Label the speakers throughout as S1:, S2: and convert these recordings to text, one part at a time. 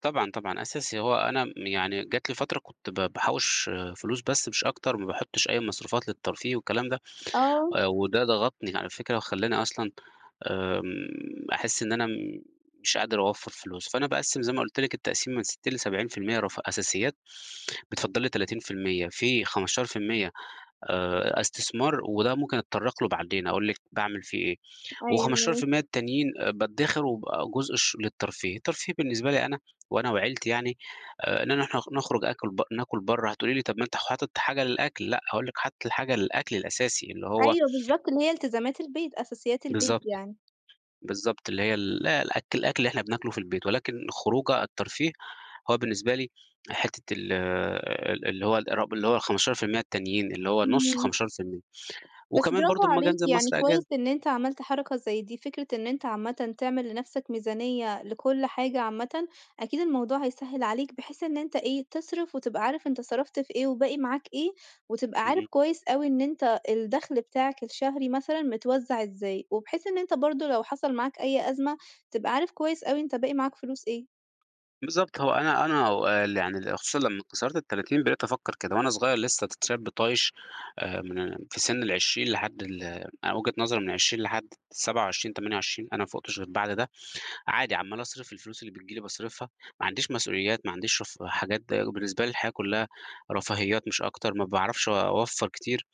S1: طبعًا، طبعًا، أساسي هو أنا م يعني جات لي فترة كنت ب بحوِّش فلوس بس مش أكتر، ما باحطش أي مصروفات للترفيه والكلام ده،
S2: آه.
S1: آآ، وده ضغطني على فكرة وخلّاني أصلًا آمم، أحس إن أنا مش قادر أوفّر فلوس. فأنا باقسم زي ما قُلت لِك التقسيمة من 60 ل70 في المِيّة رف أساسيات، بيتفضّل لي 30%، في 15% آآ، أ استثمار وده ممكن أتطرق له بعدين، أقُول لِك باعمِل فيه إيه، وخمستاشر في
S2: أيوه.
S1: الميّة التانيين بادخر وبقى جزء الش للترفيه، الترفيه بالنسبة لي أنا وأنا وعيلتي يعني آآ، إننا نروح نخ نخرج آكل ب نآكل بره هتقُولِي لي طَب ما أنت حاطط حاجة للأكل، لأ، هاقُول لِك حاطط الحاجة للأكل الأساسي اللي هو
S2: أيوه، بالضبط إن هي إلتزامات البيت، أساسيات البيت
S1: بالضبط،
S2: يعني.
S1: بالضبط، اللي هي ال الأكل الأكل اللي إحنا بناكله في البيت ولكن الخروجة الترفيه هو بالنسبة لي حتّة ال ال اللي هو ارب اللي هو ال15% التانيين اللي هو نص
S2: إمم.
S1: ال15%.
S2: بس
S1: وكمان برضه
S2: برافو
S1: أما آجي
S2: عليك،
S1: أنزل
S2: يعني
S1: مصر
S2: كويس
S1: أجازة.
S2: إن أنت عملت حركة زي دي، فكرة إن أنت عامةً تعمل لنفسك ميزانية لكل حاجة عامةً أكيد الموضوع هيسهّل عليك، بحيث إن أنت إيه، تصرف وتبقى عارف أنت صرفت في إيه وباقي معاك إيه، وتبقى عارف
S1: اهم.
S2: كويس أوي إن أنت الدخل بتاعك الشهري مثلًا متوزّع إزاي، وبحيث إن أنت برضه لو حصل معاك أي أزمة تبقى عارف كويس أوي أنت باقي معاك فلوس إيه.
S1: بالضبط هو أنا أنا هو ال يعني ال خصوصًا لمّا كسرت ال30 بقيت أفكّر كده، وأنا صغير لسه ش شاب طايش آآ، من في سن ال20 لحد ال أنا وجهة نظري من 20 لحد 27، 28 أنا ما فوقش غير بعد ده عادي عمّال أصرِف، الفلوس اللي بتجي لي باصرِفها، ما عنديش مسؤوليات، ما عنديش رفه حاجات ده بالنسبة لي الحياة كلها رفاهيات مش أكتر، ما باعرفش أوفّر كتير.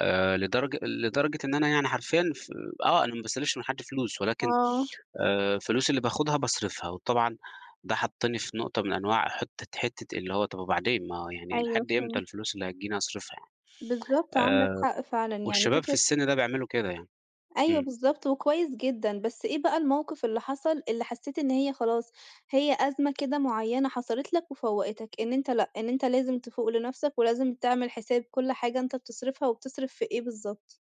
S1: آآ، لدرج لدرجة إن أنا يعني حرفيًا ف آه، أنا ما باستلفش من حد فلوس ولكن،
S2: آه.
S1: آآ، فلوسي اللي باخدها باصرفها، وطبعًا ده حطني في نقطة من أنواع حتّة حتّة اللي هو طَب وبعدين، ما هو يعني
S2: أيوه،
S1: لحد إمتى
S2: فهمت.
S1: الفلوس اللي هتجيني هاصرِفها
S2: بالضبط،
S1: يعني،
S2: عندك
S1: آآ،
S2: حق فعلًا يعني
S1: والشباب في
S2: فكرة
S1: السِن ده بيعملوا كده يعني،
S2: أيوه
S1: إمم.
S2: بالضبط، وكويس جدًا، بس إيه بقى الموقِف اللي حصل، اللي حسيت إن هي خلاص هي أزمة كده معيّنة حصلت لك وفوقتك، إن أنت لأ إن أنت لازم تفوق لنفسك ولازم تعمل حساب كل حاجة أنت بتصرِفها وبتصرف في إيه بالضبط؟